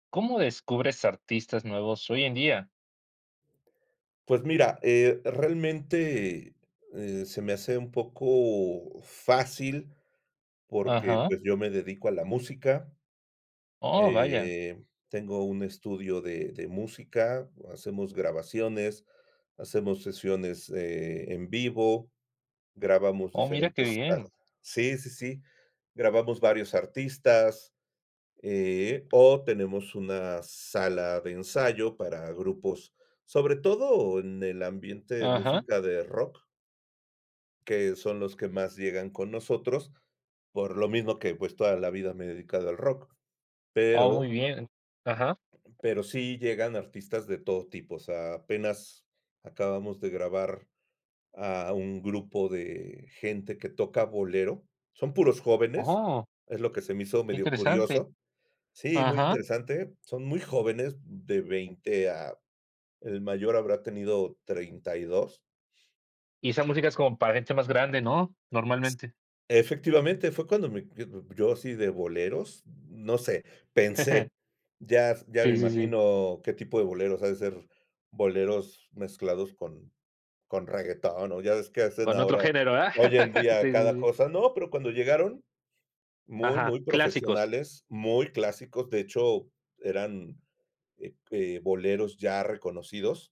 ¿Cómo descubres artistas nuevos hoy en día? Pues mira, eh, realmente, eh, se me hace un poco fácil, porque, Ajá. pues yo me dedico a la música. ¡Oh! vaya. Eh, tengo un estudio de de música, hacemos grabaciones, hacemos sesiones, eh, en vivo, grabamos Oh, mira, qué diferentes ar bien. sí, sí, sí. Grabamos varios artistas, eh, oh tenemos una sala de ensayo para grupos, sobre todo en el ambiente de Ajá. música de rock que son los que más llegan con nosotros, por lo mismo que, pues, toda la vida me he dedicado al rock. Oh, Pero muy bien. Ajá. pero sí llegan artistas de todo tipo, o sea, apenas acabamos de grabar a un grupo de gente que toca bolero, son puros jóvenes, ¡Oh! es lo que se me hizo Qué medio interesante. curioso sí, muy Ajá. interesante. Son muy jóvenes, de 20 a el mayor habrá tenido 32 Y esa música es como para gente más grande, ¿no? Normalmente. Efectivamente, fue cuando me, yo d yo sí de boleros, no sé. Pensé, ya ya me Sí, sí, sí. imagino qué tipo de boleros, ha de ser boleros mezclados con con reguetón. O ya ves que hacen Con otro ahora, género, ¿ah? hoy en día Sí, sí, cada sí. cosa. No, pero cuando llegaron muy, Ajá, muy clásicos. profesionales, muy clásicos. De hecho eran, eh eh, boleros ya reconocidos